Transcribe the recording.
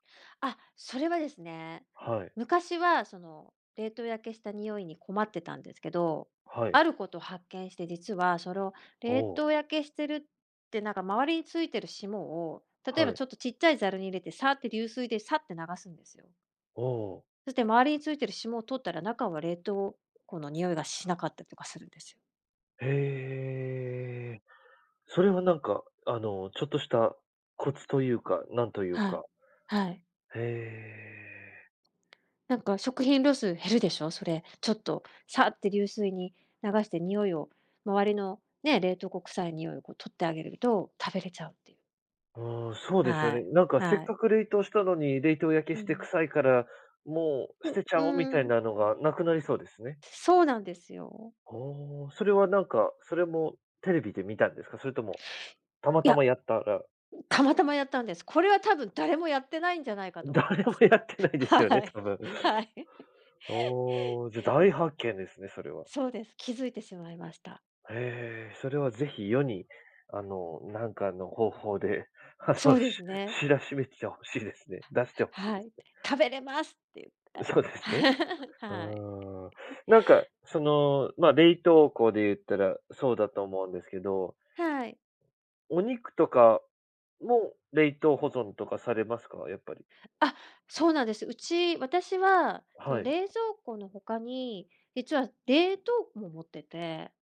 あ、それはですね、はい。昔は、その、冷凍焼けした臭いに困ってたんですけど、はい。あること発見して、実はそのお冷お。凍焼けしてるて、なんか周りについてる霜を、例えはばちい。ょっとちっちゃいザルに入れて、サーッて流水でサッて流すんですよ。おおおお。そして周りについてる霜を取ったら、中は冷凍庫の臭いがしなかったりとかするんですよ。へえ。それはなんか、あの、ちょっとしたコツとゆうか、なんというはい。かはい。へえ。なんか食品ロス減るでしょ、それ、ちょっと、サッて流水に流して、臭いを周りの、ね、冷凍庫くさい臭いをこう取ってあげれると、食べれちゃうって。ああ、そうですよはね。い、なんか、せっはい。かく冷凍したのに、冷凍焼けうしてくん。さいから、もう捨ふ、てちうゃお、みたいーん。なのがなくなりそうですね。そうなんですよ。ほお、それはなんか、それもテレビで見たんですか？それとも、たまいたまや。やったらたまたまやったんです。これは多分誰もやってないんじゃないかと思い誰まもす。やってないではすよね、い、多分。はい。おお、じゃ、大発見ですね、それは。そうです。気づいてしまいました。へえ、それは是非、世に、あの、なんかの方法で、あその、うしですね。知らしめて欲しいですね。出して欲しいはでい、す。食べれますってゆって。そうですね、うーはい。ん、なんか、その、ま、冷凍庫で言ったらそうだと思うんですけどはい。お肉とかも、冷凍保存とかされますか？やっぱり。あ、そうなんです、うち私は、その、はい。冷蔵庫の他に、実は冷凍庫も持ってて。